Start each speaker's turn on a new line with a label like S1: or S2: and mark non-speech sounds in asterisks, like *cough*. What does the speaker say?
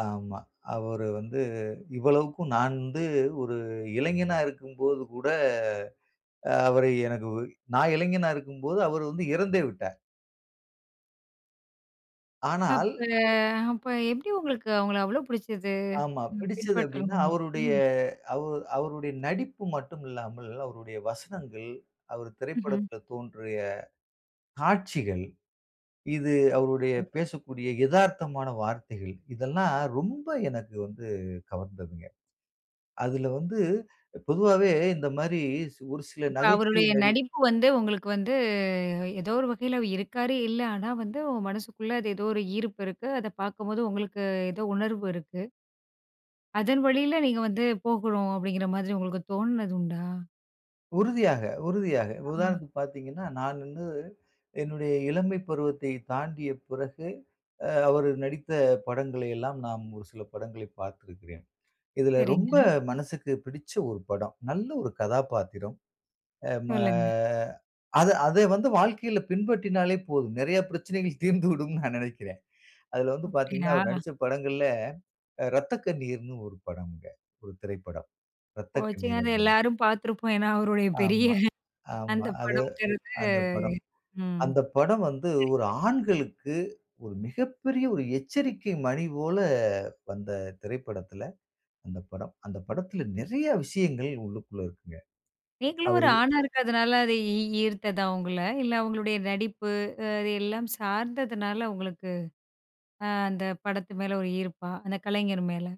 S1: ஆமா, அவரு வந்து இவ்வளவுக்கும் நான் வந்து ஒரு இளைஞனா இருக்கும்போது கூட அவரை எனக்கு நா இளைஞனா இருக்கும்போது அவர் வந்து இறந்தே விட்டார். ஆனால்
S2: அப்ப அப்ப எப்படி உங்களுக்கு அவங்கள அவ்வளோ புடிச்சது?
S1: ஆமா.
S2: ம்
S1: பிடிச்சது எப்படீன்னா,
S2: பின்பற்றணும்ன்னு.
S1: அவுருடைய
S2: ம்.
S1: அவு அவுருடைய நடிப்பு மட்டும் இல்லாமல், அவருடைய வசனங்கள், அவரு
S2: ம்ஹ்ம்.
S1: திரைப்படத்தில் தோன்றிய காட்சிகள், இது அவருடைய
S2: கதை.
S1: பேசக்கூடிய எதார்த்தமான வார்த்தைகள் இதெல்லாம் ரொம்ப எனக்கு வந்து கவர்ந்ததுங்க. அதுல வந்து பொதுவாவே இந்த மாரி சி ஒரு சில
S2: இப்ப
S1: நகைச்சுவை
S2: அவருடைய
S1: நடி
S2: நடிப்பு வந்து உங்களுக்கு வந்து எதோ ஒரு வகையில இருக்காரு இல்ல. ஆனா வந்து உங்க மனசுக்குள்ள அது எதோ ஒரு ஈர்ப்பு இருக்கு. அத பார்க்கும்போது உங்களுக்கு எதோ உணர்வு இருக்கு. "அதன் வழியில நீங்க வந்து போகணும்." அப்படீங்கிற மாதிரி உங்களுக்கு தோணுனது உண்டா?
S1: உறுதியாக, உறுதியாக.
S2: ஆமா.
S1: உதாரணத்துக்கு பார்த்தீங்கன்னா, நான் வந்து என்னுடைய இளமை பருவத்தை தாண்டிய பிறகு அ அவர் நடித்த படங்களை எல்லாம், நாம் ஒரு சில படங்களை பார்த்திருக்கிறேன். இதுல ரொம்ப
S2: சரிங்க.
S1: மனசுக்கு பிடிச்ச ஒரு படம். நல்ல ஒரு கதாபாத்திரம். அ ம
S2: சொல்லுங்க.
S1: அத அத வந்து வாழ்க்கையில பின்பற்றினாலே போதும், நெறைய பிரச்சனைகள் தீர்ந்துவிடும்ன்னு நா நெனைக்கிறேன். அதுல வந்து பார்த்தீங்கன்னா, அவர்
S2: அப்படியா?
S1: நடிச்ச படங்கள்ல அ ரத்த கண்ணீர்ன்னு ஒரு படம்ங்க. ஒரு திரைப்படம் ரத்த கண்ணீர்
S2: *unintelligible* அத
S1: அது.
S2: எல்லாரும் பார்த்துருப்போம். ஏன்னா அவருடைய பெரிய
S1: ஆமா, ஆமா.
S2: அந்த
S1: அது
S2: படம்ங்கிறது
S1: அந்த படம்.
S2: ம்.
S1: அந்த படம் வந்து, ஒரு
S2: சரிங்க.
S1: ஆண்களுக்கு ஒரு மிகப்பெரிய ஒரு எச்சரிக்கை மணி போல வந்த திரைப்படத்துல, அந்த படம் அந்த படத்துல நெறைய விஷயங்கள் உள்ளுக்குள்ள இருக்குங்க.
S2: நீங்களும் ஒரு
S1: அவரு
S2: ஆணா இருக்கதனால, அது ஈ ஈ ஈர்த்ததா உங்கள? இல்ல அவங்களுடைய நடிப்பு, அ அது எல்லாம் சார்ந்ததுனால உங்களுக்கு அ அந்த படத்து மேல ஒரு ஈர்ப்பா, அந்த கலைஞர் மேல?